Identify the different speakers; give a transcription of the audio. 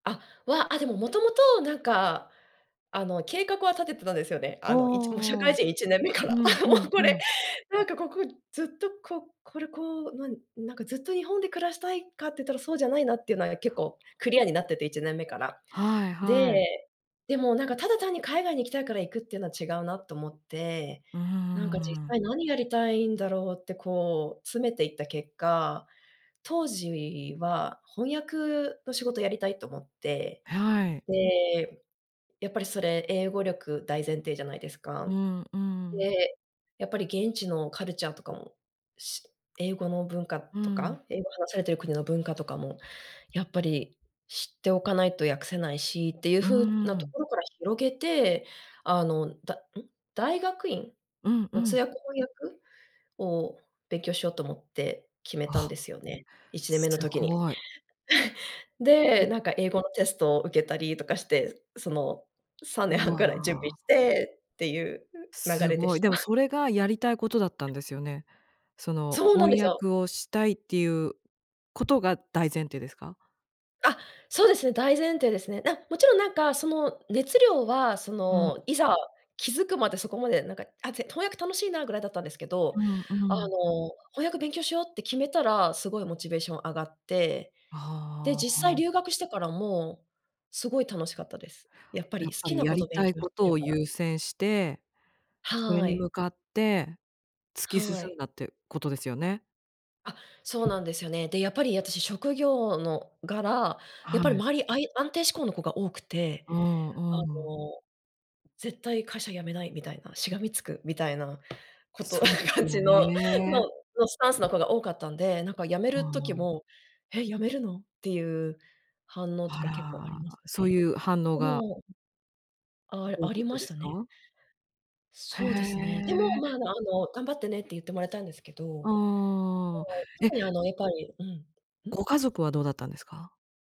Speaker 1: あ、わ、あ、でも、元々なんか、あの、計画は立ててたんですよね。
Speaker 2: あ
Speaker 1: あの、いち社
Speaker 2: あ。う
Speaker 1: 会人1年目から。あ
Speaker 2: ん
Speaker 1: あ、も
Speaker 2: うん
Speaker 1: うこ
Speaker 2: う
Speaker 1: れ、
Speaker 2: ん。
Speaker 1: なんかここずっとここれこう、なんなんかずっと日本で暮らしたいかっていったらそうじゃないなっていうのは結構クリアになってて、1年目から。
Speaker 2: はいはい。
Speaker 1: で、でも、なんか、ただ単に海外に行きたいから行くっていうのは違うなと思って。
Speaker 2: うー
Speaker 1: なんか実
Speaker 2: ん。
Speaker 1: 際何やりたいんだろうって、こう、詰めていった結果、当時は翻訳の仕事やりたいと思って、
Speaker 2: はい。
Speaker 1: で、やっぱりそれ、英語力大前提じゃないです
Speaker 2: う
Speaker 1: か。
Speaker 2: んうん。
Speaker 1: で、やっぱり現地のカルチャーとかも、し英語の文化
Speaker 2: う
Speaker 1: と
Speaker 2: ん。
Speaker 1: か、英語を話されている国の文化とかも、やっぱり知っておかないと訳せないしっていう
Speaker 2: う
Speaker 1: 風な
Speaker 2: ー
Speaker 1: と
Speaker 2: ん。
Speaker 1: ころから広げて、あの、だうん、大学院
Speaker 2: うんう
Speaker 1: の通
Speaker 2: ん。
Speaker 1: 訳翻訳を勉強しようと思って、決めたん
Speaker 2: あ、
Speaker 1: ですよね。1年目の
Speaker 2: す
Speaker 1: 時に。
Speaker 2: ごい。う。
Speaker 1: で、なんか英語のテストを受けたりとかして、そのさんねん
Speaker 2: う
Speaker 1: はんくらい準備
Speaker 2: わ。
Speaker 1: してっていう流
Speaker 2: す
Speaker 1: れで
Speaker 2: ごい。
Speaker 1: した。
Speaker 2: でも、それがやりたいことだったんですよね。その
Speaker 1: そうなんで
Speaker 2: 翻
Speaker 1: すよ。
Speaker 2: 訳をしたいっていうことが大前提ですか？
Speaker 1: あ、そうですね、大前提ですね。な勿論、なんかその熱量は、そ
Speaker 2: うん。
Speaker 1: の、いざ気付くまで、そこまでなんか、あ、ぜ翻訳楽しいなぐらいだったんですけど、
Speaker 2: うん
Speaker 1: あ
Speaker 2: うん。
Speaker 1: の、翻訳勉強しようって決めたらすごいモチベーション上がって、で、
Speaker 2: あ
Speaker 1: 実
Speaker 2: ああ
Speaker 1: 際
Speaker 2: あ。
Speaker 1: 留学してからも、すごい楽しかったです。やっぱ
Speaker 2: や
Speaker 1: り
Speaker 2: っ
Speaker 1: 好
Speaker 2: ぱ
Speaker 1: き
Speaker 2: り
Speaker 1: な
Speaker 2: や
Speaker 1: こ
Speaker 2: り
Speaker 1: と勉
Speaker 2: たい
Speaker 1: 強
Speaker 2: こ
Speaker 1: し
Speaker 2: と
Speaker 1: てる
Speaker 2: を
Speaker 1: から。
Speaker 2: 優先して、それ
Speaker 1: は
Speaker 2: に向
Speaker 1: い。
Speaker 2: かって、突き進
Speaker 1: はい。
Speaker 2: んだってことですよね。
Speaker 1: あ、そうなんですよね。で、やっぱり私、職業の柄、やっぱり
Speaker 2: はい。
Speaker 1: 周り、あい安定志向の子が多くて、
Speaker 2: う
Speaker 1: あ
Speaker 2: んうん。
Speaker 1: の、「絶対会社辞めないみたいな、しがみつく」みたいな、こと、
Speaker 2: そうです
Speaker 1: 感
Speaker 2: よ
Speaker 1: じの、の
Speaker 2: ね。
Speaker 1: そうスタンスの子が多かったんで、なんか辞め
Speaker 2: あ
Speaker 1: る時
Speaker 2: あ。
Speaker 1: も「へ、辞めるの？」ていう反応とか結構あり
Speaker 2: あ
Speaker 1: ま
Speaker 2: ら、
Speaker 1: した
Speaker 2: そう
Speaker 1: ね。
Speaker 2: いう反応
Speaker 1: え
Speaker 2: が
Speaker 1: え。あ
Speaker 2: 多
Speaker 1: あ
Speaker 2: か
Speaker 1: り
Speaker 2: っ
Speaker 1: ま
Speaker 2: たで
Speaker 1: した
Speaker 2: す
Speaker 1: ね。
Speaker 2: か？へ
Speaker 1: そうですね。でも、
Speaker 2: え。
Speaker 1: まあ、あの、「頑張ってね」って言ってもらえたんですけど。はい、
Speaker 2: ああ。えっ
Speaker 1: 特にあの、やっぱり、うん。うん？
Speaker 2: ご家族はどうだったんですか？